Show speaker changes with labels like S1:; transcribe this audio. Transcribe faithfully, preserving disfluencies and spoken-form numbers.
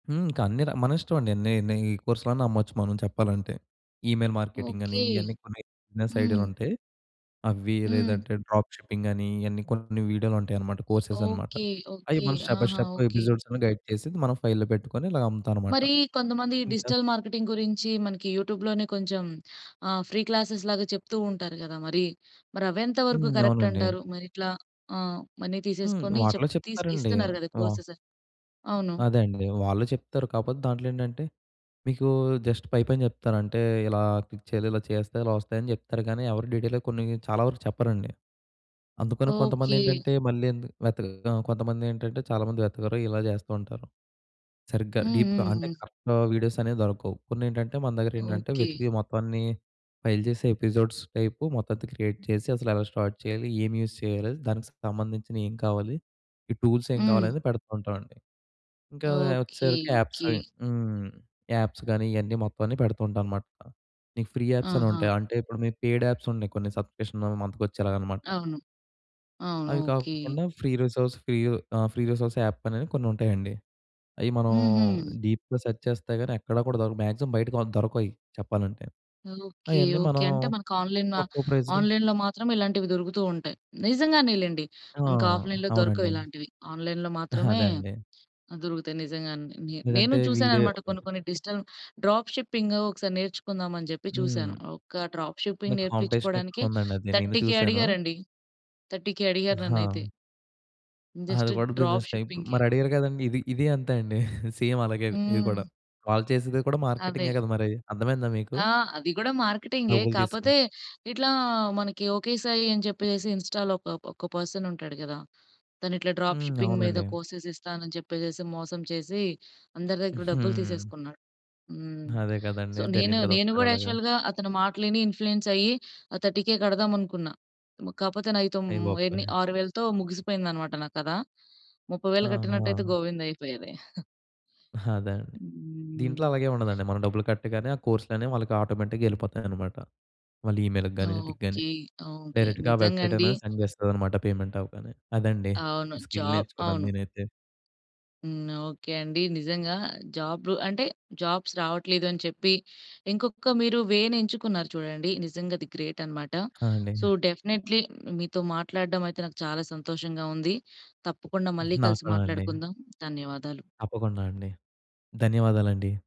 S1: హ్మ్. ఇంక అన్ని‌ర మనిష్టమండి నే నే కోర్సులన్నా అమ్మొచ్చు మనం చెప్పాలంటే. ఈమెయిల్ మార్కెటింగ్ అని.
S2: ఓకే.
S1: ఇవన్నీ కొన్ని బిజినెస్
S2: హ్మ్.
S1: ఐడియాలుంటాయి. అవి
S2: హ్మ్.
S1: లేదంటే, డ్రాప్ షిప్పింగని, ఇయన్నీ కొన్ని వీడియోలుంటాయన్నమాట. కోర్సెసనమాట.
S2: ఓకే.
S1: అయి
S2: ఓకే.
S1: మనం స్టెప్ బై
S2: ఆహా!
S1: Step
S2: okay.
S1: ఎపిసోడ్స్ అన్ని గైడ్ చేసి మనం ఫైల్‌లో పెట్టుకొని ఇలాగ అమ్ముతామనమాట.
S2: మరి కొంతమందికి
S1: ఇంక
S2: డిజిటల్ మార్కెటింగ్ గురించి మనకి యూట్యూబ్‌లోనే కొంచెం ఆహ్, ఫ్రీ క్లాసేస్‌లాగా చెప్తూ ఉంటారు గదా! మరి. మరవేంత వరకు
S1: హ్మ్.
S2: కరెక్ట్
S1: అవునండి.
S2: అంటారు? మరిట్లా ఆహ్, మనీ
S1: హ్మ్.
S2: తీసేసుకొని చెప్
S1: వాటిలో
S2: తీ
S1: చెప్తారండి.
S2: ఇస్తున్నారు గదా!
S1: వా
S2: కోర్సెస్. అవును.
S1: అదే అండి. వాళ్ళు చెప్తారు. కాపోతే దాంట్లో ఏంటంటే, మీకు జస్ట్ పైపైన జెప్తారు. అంటే, ఇలా క్లిక్ చేయాలి, ఇలా చేస్తే ఇలా వస్తాయని జెప్తారు గానీ, ఎవరు డీటెయిల్‌గా కొన్ని చాలా వరకు చెప్పరండి. అందుకని
S2: ఓకే.
S1: కొంతమందేంటంటే, మళ్ళీ ఎందు వెతక ఆ కొంతమందేంటంటే, చాలామంది వెతకరు ఇలా జేస్తూ ఉంటారు. సరిగ్గా
S2: హ్మ్.
S1: డీప్‌గా.
S2: హ్మ్.
S1: అంటే
S2: హ్మ్.
S1: కరెక్ట్ వీడియోసనేవి దొరకవు. కొన్నేంటంటే, మన దగ్గరేంటంటే
S2: ఓకే.
S1: వెతికి మొత్తం అన్నీ ఫైల్ చేసే ఎపిసోడ్స్ టైప్ మొత్తం‌త క్రియేట్ చేసి అసలు ఎలా స్టార్ట్ చేయాలి, ఏమి యూజ్ చేయాలి, దానికి సంబంధించినయి ఏం కావాలి, ఈ టూల్స్ ఏం కావాలి,
S2: హ్మ్.
S1: అనేది పెడుతూంటామండి. ఇంకా
S2: ఓకే.
S1: వచ్చేసరికి యాప్స్
S2: ఓకే.
S1: అవి హ్మ్. యాప్స్ గాని, ఇయన్నీ మొత్తం అన్ని పెడుతూంటానుమాట. మీకు ఫ్రీ యాప్స్
S2: ఆహా!
S1: అనుంటాయి. అంటే ఇప్పుడు మీకు పెయిడ్ యాప్స్ ఉన్నాయి కొన్ని సబ్‌స్క్రిప్షన్ వన్ మంత్ మనకు వచ్చేలాగాన్నమాట.
S2: అవును. అవును.
S1: అవి
S2: ఓకే.
S1: కాకుండా ఫ్రీ రిసోర్స్ ఫ్రీ ఆ! ఫ్రీ రిసోర్స్ యాప్ అని కొన్ని ఉంటాయండి. అవి మనం
S2: హుహు.
S1: డీప్‌గా సెర్చ్ చేస్తే గాని, ఎక్కడ కూడా దొరకదు. మాక్సిమమ్ బయటికి దొరకవ‌యి చెప్పాలంటే.
S2: ఓకే.
S1: అయన్నీ
S2: ఓకే.
S1: మనం
S2: అంటే మనకాన్‌లైన్, ఆ
S1: తక్కువ ప్రైజ్‌లో
S2: ఆన్‌లైన్‌లో మాత్రం ఇలాంటివి దొరుకుతూ ఉంటాయి. నిజంగానే లెండి
S1: ఆ!
S2: మన ఆఫ్‌లైన్ దొరకవు
S1: అవునండి.
S2: ఇలాంటివి. ఆన్‌లైన్‌లో మాత్రమే,
S1: అదే అండి.
S2: దొరుకుతాయి నిజంగానే. నే నేను
S1: లేదంటే వీడే
S2: చూసానన్నమాట కొన్ని కొన్ని డిజిటల్ డ్రాప్ షిప్పింగ్ ఒకసారి నేర్చుకుందామని జెప్పి చూసాను
S1: హ్మ్.
S2: ఒక డ్రాప్
S1: అంటే
S2: షిప్పింగ్
S1: కాంపిటీషన్
S2: నేర్పించుకోవడానికే,
S1: ఎక్కువ ఉందండి అది నేను
S2: థర్టీ కే
S1: చూసాను.
S2: అడిగారండి. థర్టీ కే అడిగారు నన్నైతే.
S1: ఆహా!
S2: జస్ట్
S1: అది కూడా
S2: డ్రాప్
S1: బిజినెస్ టైప్
S2: షిప్పింగ్‌కే.
S1: మరి అడిగారు కదండీ! ఇది ఇది అంతే అండి. సేమ్ అలాగే ఇది
S2: హ్మ్.
S1: కూడా. వాళ్ళు చేసేది కూడా
S2: అదే.
S1: మార్కెటిం‌గే కదా! మరీ అర్థమైందా మీకు?
S2: ఆహ్, అది గూడా మార్కెటింగే,
S1: డబ్బులు
S2: కాపోతే
S1: తీసుకొని.
S2: ఇట్లా, మనకి ఓకే సాయి అని చెప్పేసేసి ఇన్‌స్టా‌లో ఒకప ఒక పర్సనుంటాడు కదా! తను ఇట్లా డ్రాప్
S1: హ్మ్.
S2: షిప్పింగ్ మీద
S1: అవునండి.
S2: కోర్సెస్ ఇస్తాను అని చెప్పేసి మోసం చేసి, అందరి దగ్గర డబ్బులు
S1: హుహు.
S2: తీసేసుకున్నాడు. హ్మ్.
S1: అదే
S2: సో,
S1: కదండీ!
S2: నేను,
S1: జరిగింది కదా!
S2: నేను
S1: ఒకసారి
S2: గూడా,
S1: అలాగా.
S2: యాక్చువల్‌గా అతని మాటలు విని ఇన్ఫ్లూయెన్స్ అయ్యి ఆ థర్టీ కే కడదాం అనుకున్నా. కాపోతే, నాయి తో
S1: అయ్య
S2: ఏన్ని,
S1: బాబోయ్!
S2: ఆరువేలతో ముగిసిపోయిందన్నమాట నా కథ. ముప్పై వేలు కట్టినట్టయితే
S1: ఆహా!
S2: గోవిందయిపోయేది.
S1: అదే! అండి. దీంట్లో
S2: హ్మ్.
S1: అలాగేం ఉండదండి మనం డబ్బులు కట్టగానే ఆ కోర్స్‌లనేవి వాళ్ళకి ఆటోమేటిక్‌గా ఏళ్ళిపోతాయన్నమాట. వాళ్ళ ఈమెయిల్‌కి గాని, వీటికిగాని
S2: ఓకే. ఓకే.
S1: డైరెక్ట్‌గా ఆ
S2: నిజంగండి.
S1: వెబ్సైటనేది సెండ్ చేస్తాదన్నమాట పేమెంట్ అవ్వగానే. అదండి.
S2: అవును. జా
S1: స్కిల్ నేర్చుకున్నాను
S2: అవును.
S1: నేనైతే.
S2: హ్మ్. ఓకే అండి. నిజంగా, జాబ్ అంటే జాబ్స్ రావట్లేదు అని చెప్పి, ఇంకొక మీరు వే నేంచుకున్నారు చూడండి, నిజంగా అది గ్రేటన్నమాట.
S1: ఆ! అండి.
S2: సో, డెఫినిట్‌లీ మీతో మాట్లాడడమయితే నాకు చాలా సంతోషంగా ఉంది. తప్పకుండా మళ్ళీ
S1: నాకు
S2: కలిసి
S1: కూడా అండి.
S2: మాట్లాడుకుందాం. ధన్యవాదాలు.
S1: తప్పకుండా అండి. ధన్యవాదాలండి.